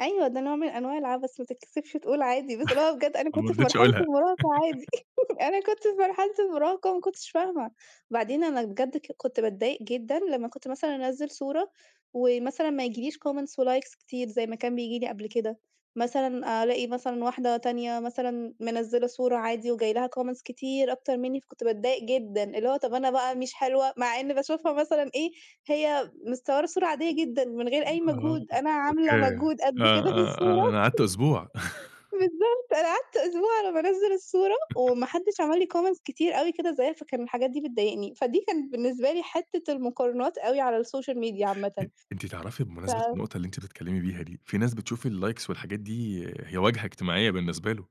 أيوه، ده نوع من أنواع العبث ما تتكسفش تقول عادي، بس اللي هو بجد أنا أنا ما كنت في رضيتش مرحلة أقولها. المراهقة عادي. أنا كنت في مرحلة المراهقة، وما كنتش فاهمة. بعدين أنا بجد ك كنت باتضايق جدًا لمّا كنت مثلًا أنزل صورة، ومثلًا ما ييجيليش comments وlikes كتير زي ما كان بييجي لي قبل كده. مثلًا ألاقي مثلًا واحدة تانية مثلًا، منزلة صورة عادي وجاي لها comments كتير أكتر مني، فكنت باتضايق جدًا. اللي هو طب، أنا بقى مش حلوة مع ان باشوفها مثلًا إيه، هي متصورة صورة عادية جدًا من غير أي آه، مجهود، أنا عاملة أوكي. مجهود آه، قد كده في آه، الصورة. آه، أنا قعدت أسبوع. بالضبط، أنا قعدت أسبوع على ما أنزل الصورة، وما حدش عمل لي comments كتير أوي كده زيها، فكان الحاجات دي بتضايقني. فدي كانت بالنسبة لي حتة المقارنات أوي على الSocial Media أ عامةً. أنتِ تعرفي ف بمناسبة النقطة اللي أنت بتتكلمي بيها دي، في ناس بتشوف الlikes والحاجات دي هي واجهة اجتماعية بالنسبة له.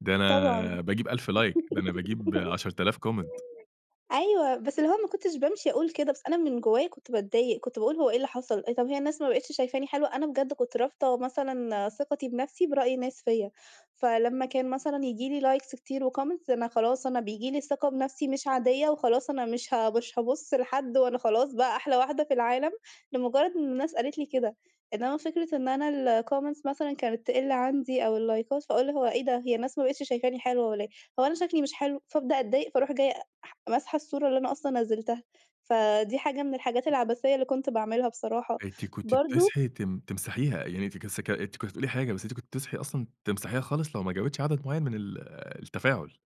ده طبعًا. أنا باجيب 1000 like ده أنا باجيب 10.000 comment. أيوه، بس اللي هو ما كنتش بامشي أقول كده بس أنا من جوايا كنت باتضايق. كنت باقول هو إيه اللي حصل؟ طيب، هي الناس ما بقتش شايفاني حلوة؟ أنا بجد كنت رابطة مثلًا ثقتي بنفسي برأي ناس فيّا. فلمّا كان مثلًا ييجي لي likes كتير وcomments أنا خلاص أنا بييجي لي ثقة بنفسي مش عادية، وخلاص أنا مش ه مش هابُص لحد، وأنا خلاص بقى أحلى واحدة في العالم، لمجرد إن الناس قالت لي كده. إنما فكرة إن أنا الcomments مثلًا كانت تقل عندي، أو اللايكات فأقول هو إيه ده؟ هي الناس ما بقتش شايفاني حلوة والّا إيه؟ هو أنا شكلي مش حلو؟ فأبدأ أتضايق، فاروح جاية ح ماسحة الصورة اللي أنا أصلًا نزلتها. فدي حاجة من الحاجات العبثية اللي كنت باعملها بصراحة. أنتِ كنتِ برضه بتصحي تم تمسحيها؟ يعني أنتِ ك أنت كس كنت بتقولي حاجة بس أنتِ كنتِ بتصحي أصلًا تمسحيها خالص لو ما جابتش عدد معين من ال التفاعل.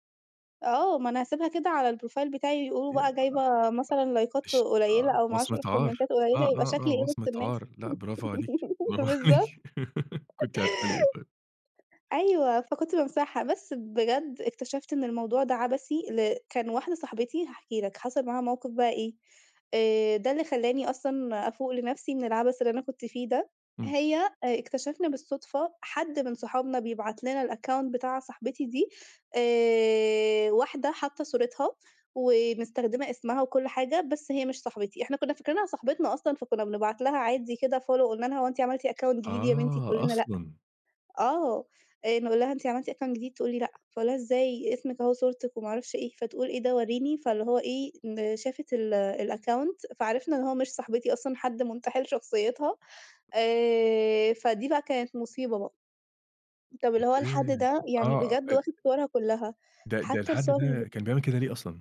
آه، ما أنا هاسيبها كده على الprofile بتاعي يقولوا بقى جايبة مثلًا [unintelligible] لايكات ش آه، قليلة، أو ما أعرفش وصمة إيه عار. الكومنتات آه، قليلة. يبقى آه، آه، شكلي إيه وسط وصمة الناس؟ عار. لأ، برافو عليكِ، برافو بالضبط. عليكِ. كنتِ هتقولي إيه طيب؟ أيوه، فكنت بامسحها. بس بجد اكتشفت إن الموضوع ده عبثي ل كان واحدة صاحبتي هاحكي لك، حصل معاها موقف بقى إيه، آآ، ده اللي خلاني أصلًا أفوق لنفسي من العبث اللي أنا كنت فيه ده. إمم. هي آآ اكتشفنا بالصدفة، حد من صحابنا بيبعت لنا الaccount بتاع صاحبتي دي آآ، واحدة حاطة صورتها، ومستخدمة اسمها وكل حاجة، بس هي مش صاحبتي. إحنا كنا فاكرينها صاحبتنا أصلًا فكنا بنبعت لها عادي كده follow، قلنا لها: "هو أنتِ عملتِ account جديد يا بنتي؟" تقول آه، لنا: "لأ." أصلًا. آه، آآ نقول لها: "أنتِ عملتِ account جديد؟" تقول لي: "لأ." فأقول لها: "إزاي؟ اسمك أهو صورتك وما أعرفش إيه." فتقول: "إيه ده؟ وريني." فاللي هو إيه شافت ال الaccount فعرفنا إن هو مش صاحبتي أصلًا، حد منتحل شخصيتها. آآ، فدي بقى كانت مصيبة بقى. طب، اللي هو الحد أوكي. ده، يعني آه، بجد ال واخد صورها كلها، ده ده حتى الحد الصور اللي ب ده كان بيعمل كده ليه أصلًا؟